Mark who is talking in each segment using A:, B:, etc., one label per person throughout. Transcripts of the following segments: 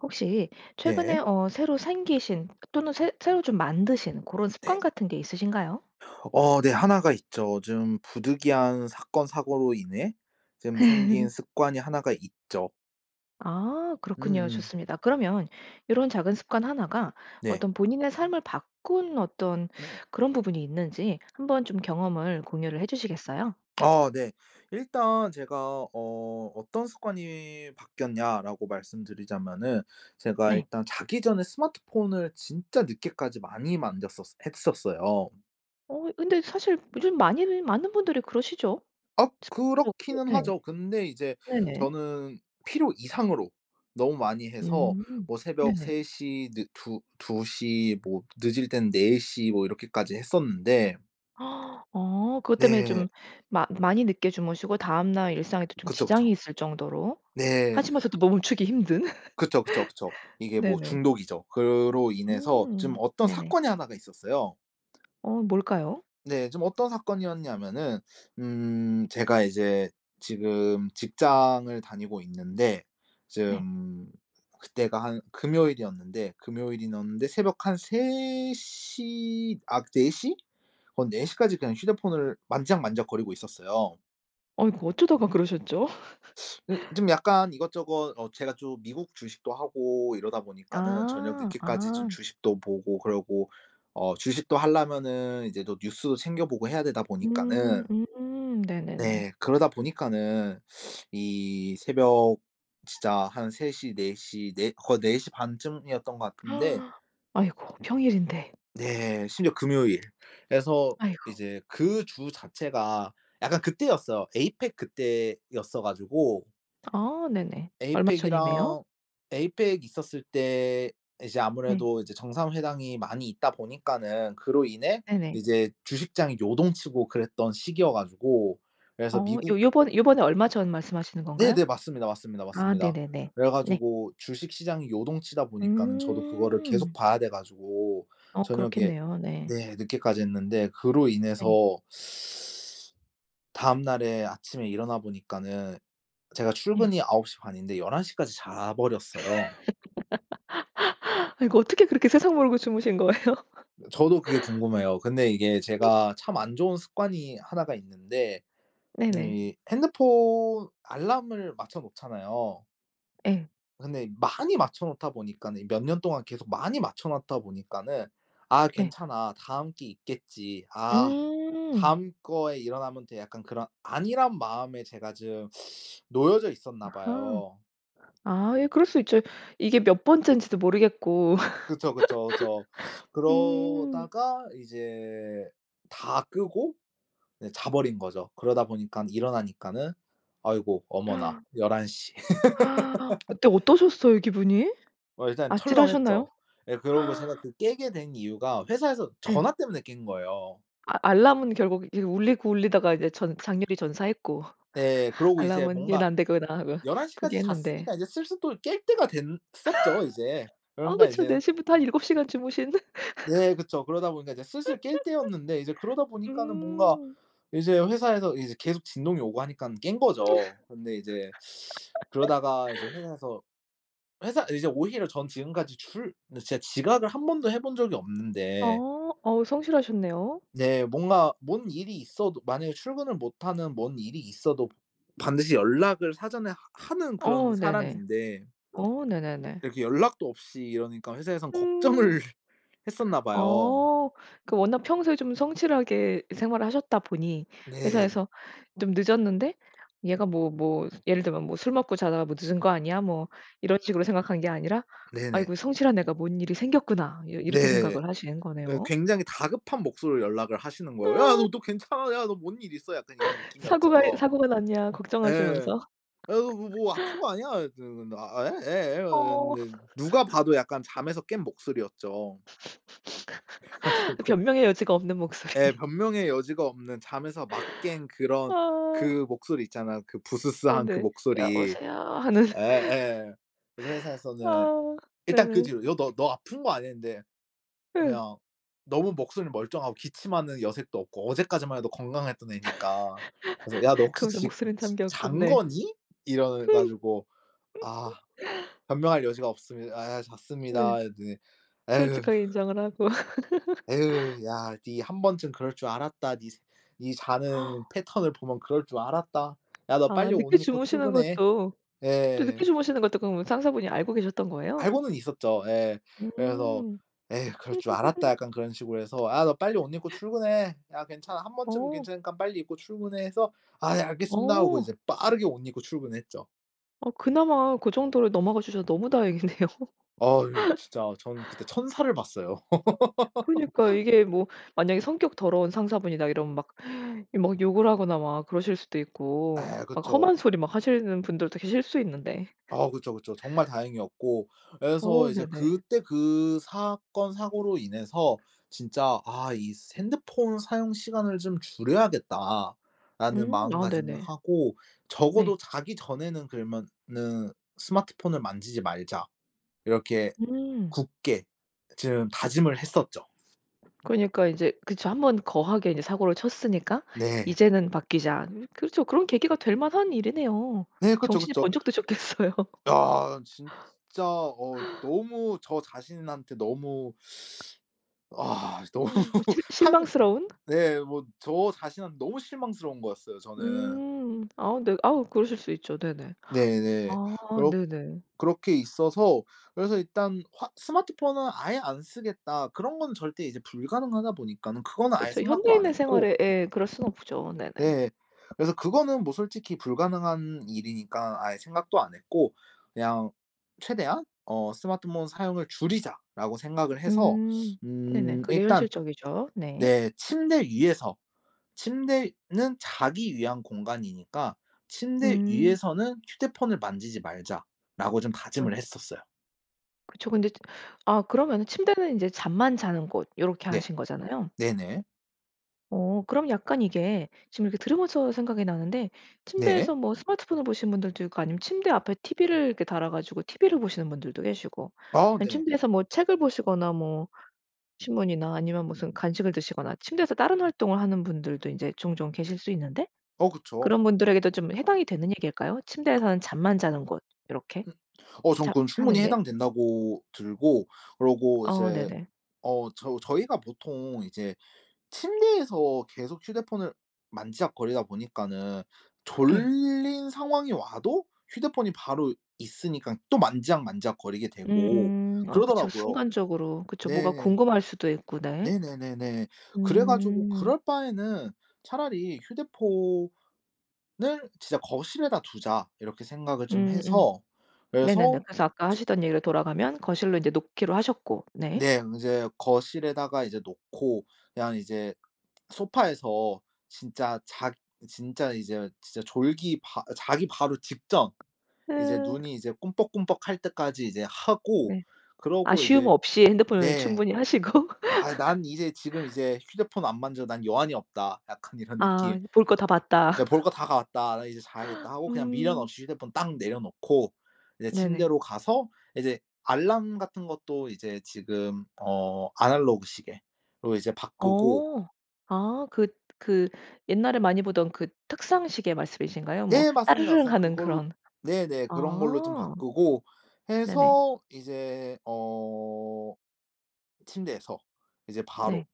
A: 혹시 최근에
B: 네.
A: 어 새로 생기신 또는 새 새로 좀 만드신 고런 습관
B: 네네.
A: 같은 게 있으신가요?
B: 어 네. 1 가 있죠. 좀 부득이한 사건 사고로 인해 좀 생긴 습관이 1 가 있죠.
A: 아 그렇군요.
B: 으음.
A: 좋습니다. 그러면 요런 작은 습관 1 가
B: 네.
A: 어떤 본인의 삶을 바꾼 어떤 그런 부분이 있는지 한번 좀 경험을 공유를 해주시겠어요?
B: 아. 네. 일단 제가 어 "어떤 습관이 바뀌었냐."라고 말씀드리자면은 제가
A: 네.
B: 일단 자기 전에 스마트폰을 진짜 늦게까지 많이 만졌었어 했었어요.
A: 어 근데 사실 요즘 많이들 많은 분들이 그러시죠.
B: 악.
A: [unintelligible]
B: 그렇기는
A: 네.
B: 하죠. 근데 이제
A: 네네.
B: 저는 필요 이상으로 너무 많이 해서
A: 음.
B: 뭐 새벽
A: 네네.
B: 3 시 느 2- 2 시 뭐 늦을 땐 4 시 뭐 이렇게까지 했었는데
A: 어 그것 때문에
B: 네.
A: 좀 마 많이 늦게 주무시고 다음날 일상에도 좀
B: 그쵸,
A: 지장이
B: 그쵸.
A: 있을 정도로,
B: 네.
A: 하시면서도 너무 멈추기 힘든.
B: 그쵸, 그쵸, 그쵸. 이게 뭐
A: 네네.
B: 중독이죠. 그로 인해서 좀
A: 음.
B: 어떤
A: 네네.
B: 사건이 1 가 있었어요.
A: 어. 뭘까요?
B: 네. 좀 어떤 사건이었냐면은 음 제가 이제 지금 직장을 다니고 있는데
A: 네.
B: 좀 그때가 한 금요일이었는데, 금요일이었는데 새벽 한 3 시 아 4 시? 어 4 시까지 그냥 휴대폰을 만지작 만지작거리고 있었어요.
A: 아이고 어쩌다가 그러셨죠?
B: 그 좀 약간 이것저것 어 제가 좀 미국 주식도 하고 이러다 보니까는 저녁
A: 아.
B: 늦게까지 좀
A: 아.
B: 주식도 보고 그러고 어 주식도 하려면은 이제 또 뉴스도 챙겨보고 해야 되다
A: 음.
B: 보니까는
A: 음. 네네네.
B: 네. 그러다 보니까는 이 새벽 진짜 한 3 시, 4 시, 4 거의 4 시 반쯤이었던 거 같은데
A: 아이고 평일인데.
B: 네. 심지어 금요일 그래서
A: 아이고.
B: 이제 그 주 자체가 약간 그때였어요. 에이팩 그때였어 가지고
A: 아. 네네. 얼마 전이네요.
B: 에이팩이랑 에이팩 있었을 때 이제
A: 네.
B: 아무래도 이제 정상회담이 많이 있다 보니까는 그로 인해
A: 네네.
B: 이제 주식장이 요동치고 그랬던 시기여 가지고 그래서
A: 어
B: 미국
A: 요 요번 요번에 얼마 전 말씀하시는 건가요?
B: 네네. 맞습니다, 맞습니다,
A: 아.
B: 맞습니다.
A: 네네네.
B: 그래
A: 네.
B: 가지고 주식 시장이 요동치다 보니까는 저도 그거를 계속
A: 음.
B: 봐야 돼 가지고
A: 어.
B: 저녁에
A: 그렇겠네요. 네.
B: 네. 늦게까지 했는데 그로 인해서
A: 네.
B: 다음날에 아침에 일어나 보니까는 제가
A: 네.
B: 출근이 9 시 반인데 11 시까지 자버렸어요.
A: 아 이거 어떻게 그렇게 세상모르고 주무신 거예요?
B: 저도 그게 궁금해요. 근데 이게 제가 참 안 좋은 습관이 1 가 있는데
A: 네네.
B: 이 핸드폰 알람을 맞춰놓잖아요.
A: 예.
B: 근데 많이 맞춰놓다 보니까는 이 몇 년 동안 계속 많이 맞춰놨다 보니까는 '아
A: 네.
B: 괜찮아 다음 게 있겠지. 아
A: 음.
B: 다음 거에 일어나면 돼.' 약간 그런 안일한 마음에 제가 좀 놓여져 있었나
A: 아하.
B: 봐요.
A: 아. 예 그럴 수 있죠. 이게 몇 번째인지도 모르겠고.
B: 그쵸, 그쵸, 그쵸.
A: 음.
B: 그러다가 이제 다 끄고 이제 자버린 거죠. 그러다 보니깐 일어나니까는 아이고 어머나 11 시.
A: 그때 어떠셨어요 기분이?
B: 어 일단
A: 아찔하셨나요?
B: 철렁했죠. 예 그러고 제가 그 깨게 된 이유가 회사에서
A: 예.
B: 전화 때문에 깬 거예요.
A: 아 알람은 결국 이거 울리고 울리다가 이제 전 장렬히 전사했고.
B: 네. 그러고 이제
A: 알람은
B: 뭔가
A: '얘는 안되구나.' 하고
B: 11 시까지
A: 포기했는데
B: 잤으니까 이제 슬슬 또 깰 때가 된 었죠 이제.
A: 아
B: 그러니까
A: 그쵸.
B: 이제
A: 4 시부터 한 7 시간 주무신
B: 네. 그쵸. 그러다 보니까 이제 슬슬 깰 때였는데 이제 그러다 보니까는 뭔가
A: 음.
B: 이제 회사에서 이제 계속 진동이 오고 하니깐 깬 거죠. 근데 이제 그러다가 이제 회사에서 회사 이제 오히려 전 지금까지 줄 근데 진짜 지각을 1 번도 해본 적이 없는데
A: 어. 어우 성실하셨네요.
B: 네. 뭔가 뭔 일이 있어도 만약에 출근을 못 하는 뭔 일이 있어도 반드시 연락을 사전에 하 하는
A: 어
B: 그런
A: 네네.
B: 사람인데
A: 어 네네네.
B: 이렇게 연락도 없이 이러니까 회사에선
A: 음.
B: 걱정을 했었나 봐요.
A: 어. 그 워낙 평소에 좀 성실하게 생활을 하셨다 보니
B: 네.
A: 회사에서 좀 늦었는데 얘가 뭐 뭐 예를 들면 뭐 '술 먹고 자다가 뭐 늦은 거 아니야?' 뭐 이런 식으로 생각한 게 아니라
B: 네네.
A: '아이고 성실한 애가 뭔 일이 생겼구나.' 이렇 이렇게
B: 네.
A: 생각을 하신
B: 예
A: 거네요.
B: 굉장히 다급한 목소리로 연락을 하시는 거예요. "야
A: 아.
B: 너, 너 괜찮아. 야 너 뭔 일 있어?" 약간 이런
A: "사고가
B: 느낌이었죠.
A: 사고가 났냐?"
B: 예.
A: 걱정하시면서.
B: "아 그 뭐 뭐 아픈 거 아니야?" 이랬드 근데 "아. 예. 예."
A: 어.
B: 이랬는데 누가 봐도 약간 잠에서 깬 목소리였죠. 그래가지고
A: 변명의 여지가 없는
B: 예.
A: 목소리.
B: 변명의 여지가 없는 잠에서 막 깬 그런
A: 아.
B: 그 목소리 있잖아요, 그
A: 어
B: 부스스한 그
A: 네.
B: 목소리.
A: "여보세요." 하는.
B: 예예. 그래서 회사에서는
A: 아.
B: 일단 그
A: 네네.
B: 뒤로 "여 너, 너, 너 아픈 거 안" 했는데
A: 예.
B: 그냥 너무 목소리는 멀쩡하고 기침하는 여색도 없고 어제까지만 해도 건강했던 애니까 그래서 "야 너 혹시
A: 거기서
B: 지금
A: 목소리는
B: 즈
A: 잠겼고
B: 잔
A: 네.
B: 거니?" 이래 가지고 "아 변명할 여지가 없습니다. 아
A: 네.
B: 잤습니다." 이랬더니 "에휴"
A: 솔직하게 인정을 하고.
B: "에휴 야 니 1 번쯤 그럴 줄 알았다. 니 스 니 자는 패턴을 보면 그럴 줄 알았다. 야 너
A: 아
B: 빨리 옷
A: 늦게
B: 입고
A: 주무시는
B: 출근해."
A: 것도 또 늦게
B: 예.
A: 주무시는 것도 그럼 상사분이 알고 계셨던 거예요?
B: 알고는 있었죠. 예. 그래서
A: 음.
B: "에휴 그럴 줄 알았다." 약간 그런 식으로 해서 "야 너 빨리 옷 입고 출근해. 야 괜찮아. 1 번쯤은
A: 어.
B: 괜찮으니까 빨리 입고 출근해." 해서 "아 예. 알겠습니다." 하고
A: 어.
B: 이제 빠르게 옷 입고 출근을 했죠.
A: 어. 그나마 그 정도로 넘어가 주셔서 너무 다행이네요.
B: 아유 진짜 저는 그때 천사를 봤어요.
A: 그러니까요. 이게 뭐 만약에 성격 더러운 상사분이다 이러면 막 막 욕을 하거나 막 그러실 수도 있고
B: 아.
A: 막
B: 그쵸.
A: 험한 소리 막 하시는 분들도 계실 수 있는데.
B: 아. 그쵸, 그쵸. 정말 다행이었고 예
A: 어.
B: 그래서 이제
A: 네네.
B: 그때 그 사건 사고로 인해서 진짜 '아. 이 스 핸드폰 사용 시간을 좀 줄여야겠다.'라는
A: 음. 아.
B: 마음가짐을
A: 네네.
B: 하고
A: 네.
B: '적어도 자기 전에는 그러면은 스마트폰을 만지지 말자.' 이렇게
A: 음.
B: 굳게 좀 다짐을 했었죠.
A: 그러니까 이제 그쵸. 1 번 거하게 이제 사고를 쳤으니까
B: 네.
A: '이제는 바뀌자.' 으 그렇죠. 그런 계기가 될 만한 일이네요.
B: 네. 그쵸,
A: 정신이
B: 그쵸.
A: 번쩍 드셨겠어요.
B: 야. 진짜 어 너무 저 자신한테 너무 아. 이 너무
A: 어. 실
B: 한
A: 실망스러운?
B: 네 뭐 저 자신한테 너무 실망스러운 거였어요 저는.
A: 음. 아 네 아 그러실 수 있죠. 네네.
B: 네네.
A: 아
B: 그렇
A: 네네.
B: 그렇게 있어서 그래서 일단 화 '스마트폰은 아예 안 쓰겠다.' 그런 거는 절대 이제 불가능하다 보니까는 그거는 아예
A: 그쵸.
B: 생각도 안
A: 현대인의
B: 했고
A: 생활에 예 그럴 수는 없죠. 네네.
B: 네. 그래서 그거는 뭐 솔직히 불가능한 일이니까 아예 생각도 안 했고 그냥 '최대한 어 스마트폰 사용을 줄이자.'라고 생각을 해서
A: 음. 네네.
B: 음
A: 그게
B: 일단
A: 현실적이죠. 네.
B: 네 침대 위에서 침대는 자기 위한 공간이니까 '침대
A: 음.
B: 위에서는 휴대폰을 만지지 말자.'라고 좀
A: 뭐지?
B: 다짐을 했었어요.
A: 그쵸. 근데 지 아 그러면은 '침대는 이제 잠만 자는 곳' 요렇게
B: 네.
A: 하신 거잖아요?
B: 네네.
A: 어. 그럼 약간 이게 지금 이렇게 들으면서 생각이 나는데
B: 네.
A: 침대에서 뭐 스마트폰을 보시는 분들도 있고 아니면 침대 앞에 TV를 이렇게 달아 가지고 TV를 보시는 분들도 계시고
B: 아.
A: 아니면
B: 네.
A: 침대에서 뭐 책을 보시거나 뭐 신문이나 아니면 무슨 간식을 드시거나 침대에서 다른 활동을 하는 분들도 인제 종종 계실 수 있는데
B: 어. 그쵸.
A: 그런 분들에게도 좀 해당이 되는 얘기일까요? 침대에서는 잠만 자는 곳 요렇게?
B: 음. 어 전
A: 잠
B: 그건
A: 하는
B: 충분히
A: 게?
B: 해당된다고 들고 그러고
A: 어.
B: 이제
A: 네네.
B: 어 저 저희가 보통 이제 침대에서 계속 휴대폰을 만지작거리다 보니까는
A: 예.
B: 졸린 상황이 와도 휴대폰이 바로 있으니깐 또 만지작만지작거리게 되고
A: 음음. 아 그쵸.
B: 그러더라고요.
A: 순간적으로 그쵸. 뭐가
B: 네.
A: 궁금할 수도 있고 네.
B: 네네네네. 그래 가지고
A: 음.
B: '그럴 바에는 차라리 휴대폰을 진짜 거실에다 두자.' 이렇게 생각을 좀
A: 음. 음.
B: 해서
A: 네네네.
B: 그래서
A: 그래서 아까
B: 이제
A: 하시던 얘기로 돌아가면 거실로 놓기로 하셨고. 네.
B: 네. 인제 거실에다가 이제 놓고 그냥 이제 소파에서 진짜 자 진짜 이제 진짜 졸기 바 어 자기 바로 직전 이제
A: 예.
B: 눈이 이제 끔뻑끔뻑할 때까지 이제 하고
A: 네.
B: 그러고
A: 아쉬움
B: 이제
A: 없이 핸드폰을
B: 네.
A: 충분히 하시고
B: '아 난 이제 지금 이제 휴대폰 안 만져. 난 여한이 없다.' 약간 이런
A: 아.
B: 느낌.
A: 이 '볼 거 다 봤다.'
B: 네 '볼 거 다 가았다. 나 이제 자야겠다.' 하고 그냥 미련
A: 음.
B: 없이 휴대폰 딱 내려놓고 이제
A: 네네.
B: 침대로 가서 이제 알람 같은 것도 이제 지금 어 아날로그 시계로 이제 바꾸고
A: 어. 아. 그 그 옛날에 많이 보던 그 탁상시계 말씀이신가요? 뭐
B: 네. 맞습니다,
A: 따르릉
B: 맞습니다.
A: 하는
B: 그걸
A: 그런
B: 네네. 그런 걸로 좀
A: 아.
B: 바꾸고
A: 네네.
B: 해서 이제 어 침대에서 이제 바로
A: 네.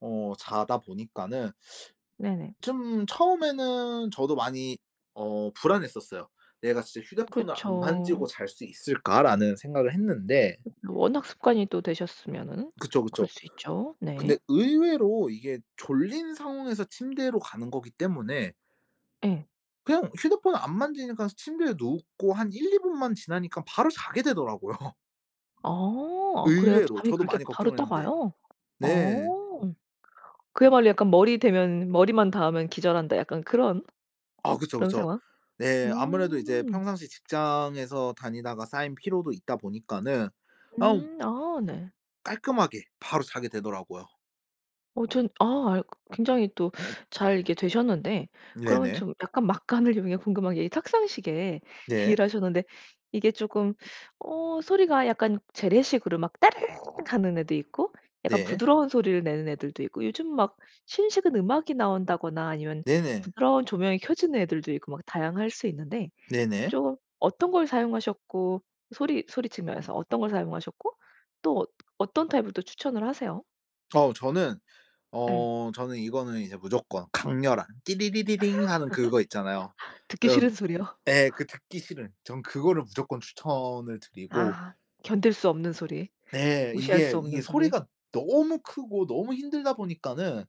B: 어 자다 보니까는
A: 네네.
B: 좀 처음에는 저도 많이 어 불안했었어요. '내가 진짜 휴대폰을 안 만지고
A: 그쵸.
B: 잘 수 있을까?'라는 생각을 했는데
A: 워낙 습관이 또 되셨으면은
B: 그쵸,
A: 그럴
B: 그쵸.
A: 수 있죠.
B: 근데
A: 네.
B: 의외로 이게 졸린 상황에서 침대로 가는 거기 때문에
A: 예.
B: 그냥 휴대폰을 안 만지니까 침대에 눕고 한 1-2 분만 지나니깐 바로 자게 되더라고요.
A: 어. 그래요?
B: 의외로
A: 잠이
B: 저도
A: 그렇게
B: 많이
A: 바로
B: 걱정을
A: 딱
B: 했는데.
A: 와요?
B: 네.
A: 어 그야말로 약간 "머리 대면 머리만 닿으면 기절한다." 약간 그런,
B: 아. 그쵸,
A: 그런
B: 그쵸.
A: 상황?
B: 네 아무래도 이제
A: 음.
B: 평상시 직장에서 다니다가 쌓인 피로도 있다 보니까는 아
A: 음. 아. 네.
B: 깔끔하게 바로 자게 되더라고요.
A: 어 저는 아 그 굉장히 또 잘 이렇게 되셨는데 그러면
B: 네네.
A: 좀 약간 막간을 이용해 궁금한 게 이 탁상시계
B: 네.
A: 얘기를 하셨는데 이게 쪼금 어 소리가 약간 재래식으로 막 따르릉 하는 애도 있고 약간
B: 네.
A: 부드러운 소리를 내는 애들도 있고 요즘 막 신식은 음악이 나온다거나 아니면
B: 네네.
A: 부드러운 조명이 켜지는 애들도 있고 뭐 다양할 수 있는데
B: 네네.
A: 좀 어떤 걸 사용하셨고 소리 소리 측면에서 어떤 걸 사용하셨고 또 어뜨 어떤 타입을 또 추천을 하세요?
B: 어 저는
A: 예.
B: 어 저는 이거는 이제 무조건 강렬한 띠리리리링 하는 그거 있잖아요.
A: 듣기
B: 어
A: 싫은 소리요.
B: 예 그 듣기 싫은. 전 그거를 무조건 추천을 드리고
A: 아. 견딜 수 없는 소리.
B: 네
A: 무시할 수
B: 이게
A: 없는
B: 이게
A: 소리.
B: 소리가 너무 크고 너무 힘들다 보니까는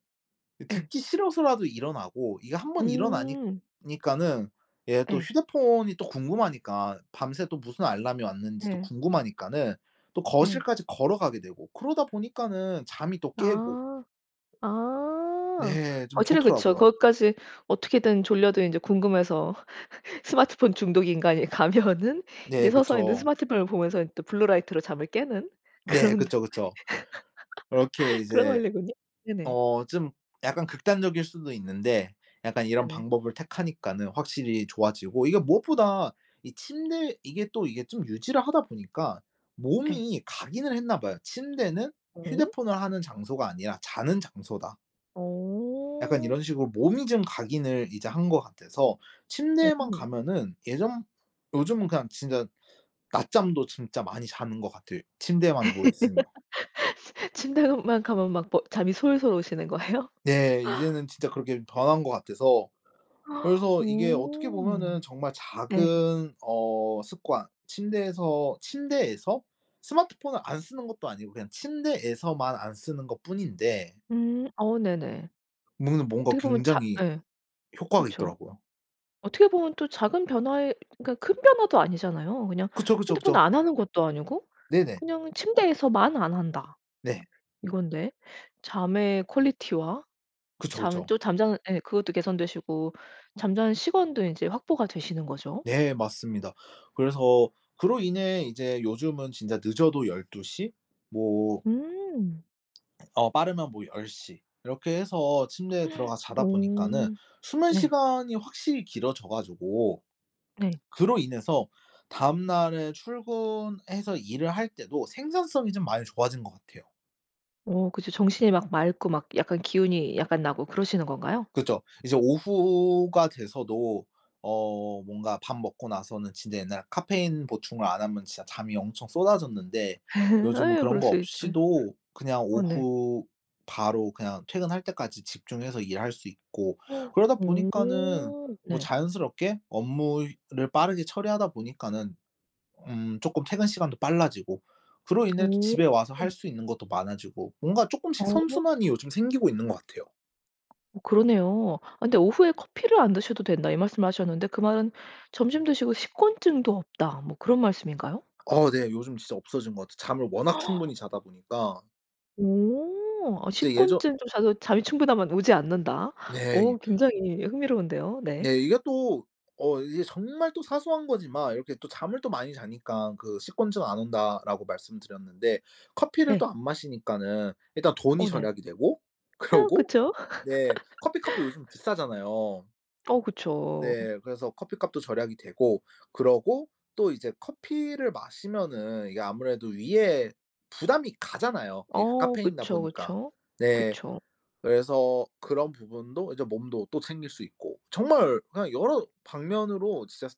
B: 이
A: 예.
B: 듣기 싫어서라도 일어나고 이게 한번 일어나니
A: 음.
B: 니까는 예 또
A: 예.
B: 휴대폰이 또 궁금하니까 밤새 또 무슨 알람이 왔는지도
A: 예.
B: 궁금하니까는 또
A: 예.
B: 거실까지 걸어가게 되고 그러다 보니까는 잠이 또 깨고.
A: 아. 아
B: 네. 좀
A: 어쨌든 그렇죠.
B: 좋더라고요.
A: 거기까지 어떻게든 졸려도 인제 궁금해서 스마트폰 중독 인간이 가면은 이제
B: 네.
A: 서서 있는
B: 그쵸.
A: 스마트폰을 보면서 또 블루 라이트로 잠을 깨는
B: 네.
A: 그런,
B: 그쵸, 그쵸. 그렇게
A: 그런
B: 이제
A: 원리군요. 네네.
B: 어 좀 약간 극단적일 수도 있는데 약간 이런
A: 네네.
B: 방법을 택하니까는 확실히 좋아지고 이게 무엇보다 이 침대 이게 또 이게 좀 유지를 하다 보니까
A: 예.
B: 몸이 각인을 했나 봐요. '침대는
A: 오?
B: 휴대폰을 하는 장소가 아니라 자는 장소다.' 약간
A: 어.
B: 이런 식으로 몸이 좀 각인을 이제 한 것 같아서 침대에만
A: 오호.
B: 가면은 예전 요즘은 그냥 진짜 낮잠도 진짜 많이 자는 것 같아요 침대에만 누워 있으면.
A: 침대만 가면 막 뭐 잠이 솔솔 오시는 거예요?
B: 네. 이제는 진짜 그렇게 변한 것 같아서. 그래서 이게 어떻게 보면은
A: 오.
B: 정말
A: 네.
B: 작은 어 습관 침대에서, 침대에서 스마트폰을 안 쓰는 것도 아니고 그냥 침대에서만 안 쓰는 것뿐인데
A: 음 어 네네.
B: 문가 뭔가
A: 어떻게 보면 자
B: 굉장히
A: 예.
B: 효과가
A: 그쵸.
B: 있더라고요.
A: 어떻게 보면 또 작은 변화에 그러니까 큰 변화도 아니잖아요. 그냥
B: 그쵸, 그쵸,
A: 핸드폰
B: 그쵸.
A: 안 하는 것도 아니고
B: 네네.
A: 그냥 '침대에서만 안 한다.'
B: 네.
A: 이건데. 잠의 퀄리티와
B: 그쵸,
A: 잠
B: 그쵸.
A: 또 잠자는 예 그것도 개선되시고 잠자는 시간도 이제 확보가 되시는 거죠.
B: 네 맞습니다. 그래서 그로 인해 이제 요즘은 진짜 늦어도 12 시? 뭐
A: 음.
B: 어 빠르면 뭐 10 시 이렇게 해서 침대에 들어가 자다 보니까는
A: 오
B: 수면
A: 네.
B: 시간이 확실히 길어져 가지고
A: 네.
B: 그로 인해서 다음날에 출근해서 일을 할 때도 생산성이 좀 많이 좋아진 것 같아요.
A: 오 그쵸. 정신이 막 맑고 막 약간 기운이 약간 나고 그러시는 건가요?
B: 그쵸. 이제 오후가 돼서도 어 뭔가 밥 먹고 나서는 진짜 옛날에 카페인 보충을 안 하면 진짜 잠이 엄청 쏟아졌는데 요즘은
A: 아유
B: 그런
A: 그럴
B: 거
A: 수 있죠. 예.
B: 없이도 그냥
A: 어 네.
B: 오후 바로 그냥 퇴근할 때까지 집중해서 일할 수 있고 그러다 보니까는
A: 오.
B: 뭐
A: 네.
B: 자연스럽게 업무 효 를 빠르게 처리하다 보니까는 음 조금 퇴근 시간도 빨라지고 그로 인해 또
A: 오.
B: 집에 와서 할 수 있는 것도 많아지고 뭔가 쪼끔씩
A: 어.
B: 선순환이 요즘 생기고 있는 것 같아요.
A: 어 그러네요. 근데 "오후에 커피를 안 드셔도 된다." 이 말씀을 하셨는데 그 말은 "점심 드시고 식곤증도 없다." 뭐 그런 말씀인가요?
B: 어. 네. 요즘 진짜 없어진 거 같아. 잠을 워낙 충분히 자다 보니까.
A: 오. 아
B: 이제 예저
A: 식곤증 "좀 자도 잠이 충분하면 오지 않는다."
B: 네. 이
A: 어 굉장히 흥미로운데요. 네.
B: 네. 이게 또 어 이게 정말 또 사소한 거지만 이렇게 또 잠을 또 많이 자니깐 그 "식곤증 안 온다."라고 말씀드렸는데 커피를 또
A: 네.
B: 안 마시니까는 일단 돈이
A: 어. 네.
B: 절약이 되고.
A: 어.
B: 그러고
A: 그쵸.
B: 네. 커피값도 요즘 비싸잖아요.
A: 어. 그쵸.
B: 네. 그래서 커피값도 절약이 되고 그러고 또 이제 커피를 마시면은 이게 아무래도 위에 부담이 가잖아요. 이게 그
A: 어
B: 카페인이다
A: 그쵸,
B: 보니까.
A: 그쵸.
B: 네.
A: 그쵸.
B: 그래서 그런 부분도 이제 몸도 또 챙길 수 있고. 정말 그냥 여러 방면으로 진짜 스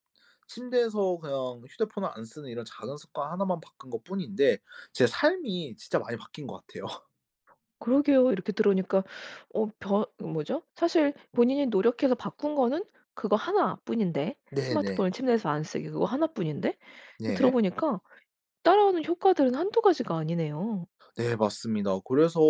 B: 침대에서 그냥 휴대폰을 안 쓰는 이런 작은 습관 1 만 바꾼 것뿐인데 제 삶이 진짜 많이 바뀐 거 같아요.
A: 그러게요. 이렇게 들으니까 어 변 으 뭐죠? 사실 본인이 노력해서 바꾼 거는 그거 1 뿐인데
B: 네. 네.
A: 스마트폰을 침대에서 안 쓰기 그거 1 뿐인데 이 그
B: 예.
A: 들어보니까 따라오는 효과들은 1-2 가지가 아니네요.
B: 네. 맞습니다. 그래서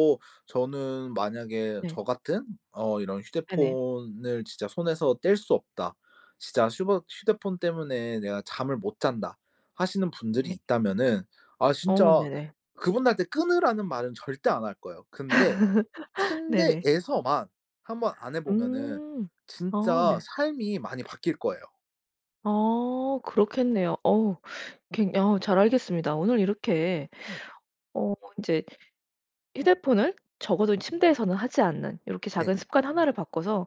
B: 저는 만약에
A: 네.
B: 저 같은 어 이런
A: 네네.
B: "휴대폰을 진짜 손에서 뗄 수 없다. 진짜 휴버 휴대폰 때문에 내가 잠을 못 잔다." 하시는 분들이
A: 네.
B: 있다면은. 아
A: 어
B: 진짜
A: 네네.
B: 그분들한테 "끊으라."는 말은 절대 안 할 거예요. 근데
A: 네네.
B: 침대에서만 한번 안 해보면은
A: 음. 아
B: 진짜
A: 네.
B: 삶이 많이 바뀔 거예요.
A: 아. 그렇겠네요. 어우 굉 어 잘 알겠습니다. 오늘 이렇게 어 인제 휴대폰을 적어도 침대에서는 하지 않는 요렇게
B: 네.
A: 작은 습관 1 를 바꿔서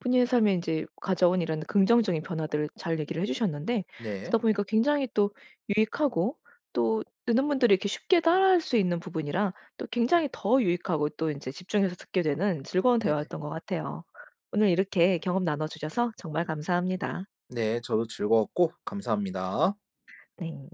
A: 본인의 삶에 인제 가져온 이런 긍정적인 변화들을 잘 얘기를 해주셨는데
B: 네.
A: 듣다 보니까 굉장히 또 유익하고 또 듣는 분들이 이렇게 쉽게 따라 할 수 있는 부분이라 또 굉장히 더 유익하고 또 인제 집중해서 듣게 되는 즐거운
B: 네.
A: 대화였던 것 같아요. 오늘 이렇게 경험 나눠주셔서 정말 감사합니다.
B: 네. 저도 즐거웠고 감사합니다.
A: 네.